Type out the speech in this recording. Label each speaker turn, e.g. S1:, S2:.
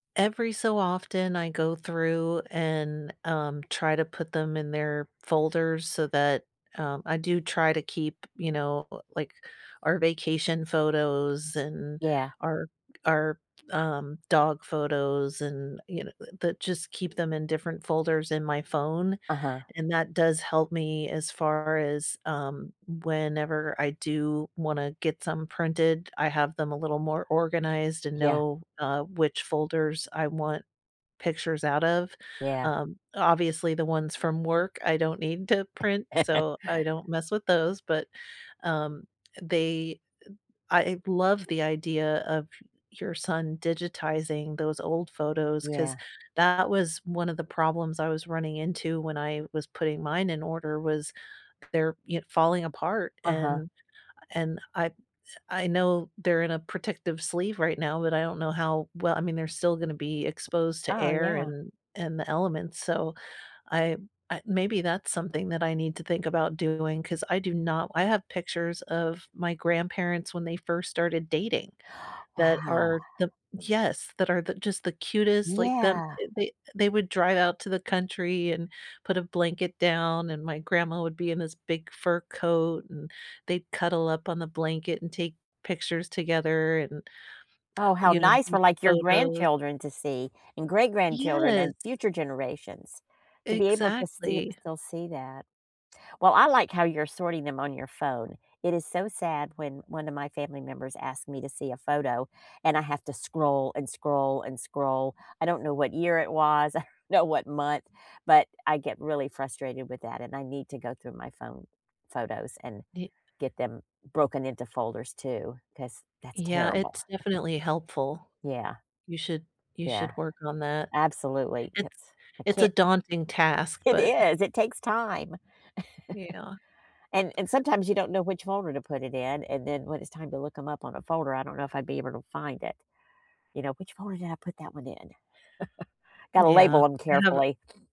S1: Every so often, I go through and, um, try to put them in their folders so that um, I do try to keep, you know, l like, our vacation photos and
S2: Yeah.
S1: our our, um, dog photos and, you kno uh, that just keep them in different folders in my phone,
S2: Uh-huh.
S1: and that does help me, as far as, um, whenever I do wanna get some printed, I have them a little more organized and
S2: Yeah.
S1: know, uh, which folders I want pictures out of.
S2: Yeah.
S1: Um, obviously, the ones from work, I don't need to print, so, I don't mess with those, but, um, they uh, I love the idea of your son digitizing those old photos, 'cause
S2: Yeah.
S1: that was one of the problems I was running into when I was putting mine in order, was, they're y falling apart,
S2: Uh-huh.
S1: and and I I know they're in a protective sleeve right now, but I don't know how well, I mean, they're still gonna be exposed to
S2: Oh,
S1: air
S2: yeah.
S1: and and the elements, so, I I maybe that's something that I need to think about doing, 'cause I do not I have pictures of my grandparents when they first started dating that
S2: Wow.
S1: are the yes, that are th just the cutest, like, them
S2: Yeah!
S1: they they would drive out to the country and put a blanket down, and my grandma would be in this big fur coat, and they'd cuddle up on the blanket, and take pictures together and, uh,
S2: Oh, how
S1: you know,
S2: nice
S1: group
S2: for like your
S1: photos.
S2: grandchildren to see, and great grandchildren,
S1: Yes!
S2: and future generations to be able to sti
S1: Exactly.
S2: still see that. Well, I like how you're sorting them on your phone. It is so sad when one of my family members asked me to see a photo and I have to scroll, and scroll, and scroll. I don't know what year it was, I don't know what month, but I get really frustrated with that and I need to go through my phone photos and
S1: Ye
S2: get them broken into folders too, 'cause that's
S1: Yeah,
S2: terrible.
S1: it's definitely helpful.
S2: Yeah.
S1: You should you
S2: Yeah.
S1: should work on that.
S2: Absolutely,
S1: It's
S2: 'cause I
S1: it's a
S2: can't
S1: daunting task,
S2: It
S1: but
S2: is! It takes time.
S1: Yeah.
S2: And and sometimes you don't know which folder to put it in, and then, when it's time to look 'em up on a folder, I don't know if I'd be able to find it, you know, "Which folder did I put that one in?" Gotta
S1: Yeah.
S2: label 'em
S1: I have
S2: carefully.